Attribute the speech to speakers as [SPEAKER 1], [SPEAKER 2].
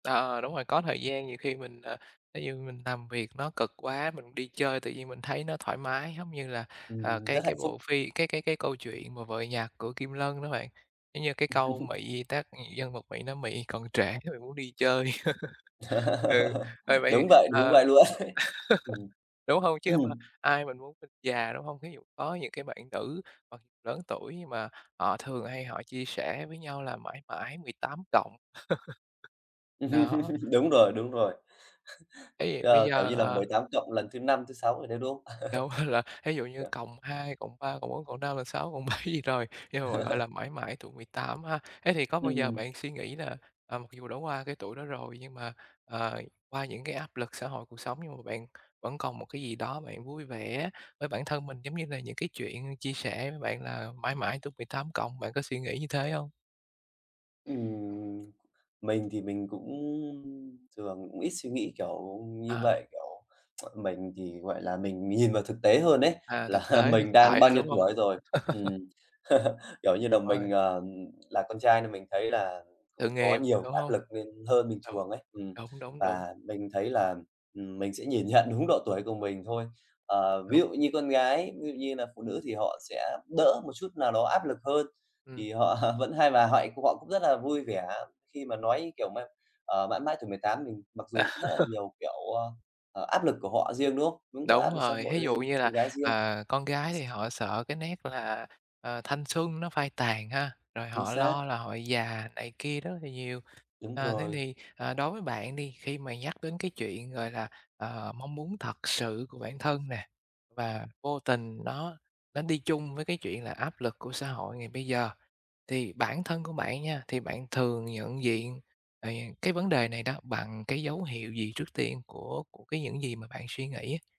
[SPEAKER 1] Ờ, đúng rồi, có thời gian nhiều khi mình, ờ, thí dụ như mình làm việc nó cực quá, mình đi chơi tự nhiên mình thấy nó thoải mái, giống như là, à,
[SPEAKER 2] Ừm,
[SPEAKER 1] cái
[SPEAKER 2] rất hạnh
[SPEAKER 1] cái
[SPEAKER 2] phúc.
[SPEAKER 1] bộ phim cái cái cái câu chuyện mà "Vợ nhặt" của Kim Lân đó bạn. Giống như cái câu Mị tác nhân vật Mị nói "Mị còn trẻ, Mị muốn đi chơi." Ừ, ờ, vậy thì,
[SPEAKER 2] Đúng vậy,
[SPEAKER 1] à,
[SPEAKER 2] đúng vậy luôn ấy. Ừm,
[SPEAKER 1] đúng hông? Chứ mà ai mà muốn mình già, đúng hông? Thí dụ có những cái bạn nữ hoặc lớn tuổi nhưng mà họ thường hay họ chia sẻ với nhau là mãi mãi 18+. Đó.
[SPEAKER 2] Đúng rồi, đúng rồi.
[SPEAKER 1] Thế thì bây
[SPEAKER 2] Ờ, kiểu
[SPEAKER 1] giờ,
[SPEAKER 2] như là, mười
[SPEAKER 1] ờ
[SPEAKER 2] tám cộng lần thứ 5, thứ 6 rồi đấy, đúng hông?
[SPEAKER 1] Đâu là thí dụ như
[SPEAKER 2] kiểu
[SPEAKER 1] +2, +3, +4, +5, +6, +7 gì rồi, nhưng mà, gọi là, mãi mãi tuổi 18 ha. Thế thì có bao giờ
[SPEAKER 2] Ừm.
[SPEAKER 1] bạn suy nghĩ là, à, mặc dù đã qua cái tuổi đó rồi, nhưng mà, ờ, qua những cái áp lực xã hội cuộc sống nhưng mà bạn vẫn còn một cái gì đó bạn vui vẻ với bản thân mình, giống như là những cái chuyện chia sẻ với bạn là mãi mãi tuổi 18+, bạn có suy nghĩ như thế hông?
[SPEAKER 2] Ừm, mình thì mình cũng, ưm, thường cũng ít suy nghĩ kiểu như
[SPEAKER 1] À.
[SPEAKER 2] vậy, kiểu, mình thì, gọi là, mình nhìn vào thực tế hơn ấy,
[SPEAKER 1] À,
[SPEAKER 2] là
[SPEAKER 1] thực tế, thực
[SPEAKER 2] mình đang
[SPEAKER 1] tại
[SPEAKER 2] bao
[SPEAKER 1] thôi,
[SPEAKER 2] nhiêu
[SPEAKER 1] đúng hông?
[SPEAKER 2] tuổi rồi. Ừm, kiểu như là, mình,
[SPEAKER 1] [unintelligible]
[SPEAKER 2] ờ, ừm, là con trai nên mình thấy là
[SPEAKER 1] Sự
[SPEAKER 2] cũng có
[SPEAKER 1] nghiệp,
[SPEAKER 2] nhiều
[SPEAKER 1] đúng
[SPEAKER 2] áp
[SPEAKER 1] hông?
[SPEAKER 2] lực lên hơn bình
[SPEAKER 1] Đúng,
[SPEAKER 2] thường ấy. Ừm,
[SPEAKER 1] đúng, đúng, đúng.
[SPEAKER 2] và mình thấy là, ừm, mình sẽ nhìn nhận đúng độ tuổi của mình thôi. Ờ, ví
[SPEAKER 1] Đúng.
[SPEAKER 2] dụ như con gái, ví dụ như là phụ nữ thì họ sẽ đỡ một chút nào đó áp lực hơn. Thì
[SPEAKER 1] Ừm.
[SPEAKER 2] họ vẫn hay và họ- họ cũng rất là vui vẻ khi mà nói kiểu mãi ờ, mãi mãi tuổi 18, mình mặc dù cũng rất là nhiều kiểu, ơ, ờ, áp lực của họ riêng, đúng hông? Đúng mà,
[SPEAKER 1] Đúng
[SPEAKER 2] áp lực xã
[SPEAKER 1] rồi,
[SPEAKER 2] hội
[SPEAKER 1] thí dụ
[SPEAKER 2] lên
[SPEAKER 1] như
[SPEAKER 2] con
[SPEAKER 1] là,
[SPEAKER 2] gái riêng.
[SPEAKER 1] ờ, con gái thì họ sợ cái nét là, ờ, thanh xuân nó phai tàn ha, rồi
[SPEAKER 2] Chính
[SPEAKER 1] họ
[SPEAKER 2] xác.
[SPEAKER 1] lo là họ già này kia rất là nhiều.
[SPEAKER 2] Đúng
[SPEAKER 1] Ờ, thế
[SPEAKER 2] rồi.
[SPEAKER 1] thì, ờ, đối với bạn đi, khi mà nhắc đến cái chuyện, gọi là, ờ, mong muốn thật sự của bản thân nè, và vô tình nó nó đi chung với cái chuyện là áp lực của xã hội ngày bây giờ, thì bản thân của bạn nha, thì bạn thường nhận diện, ờ, cái vấn đề này đó bằng cái dấu hiệu gì trước tiên của của cái những gì mà bạn suy nghĩ?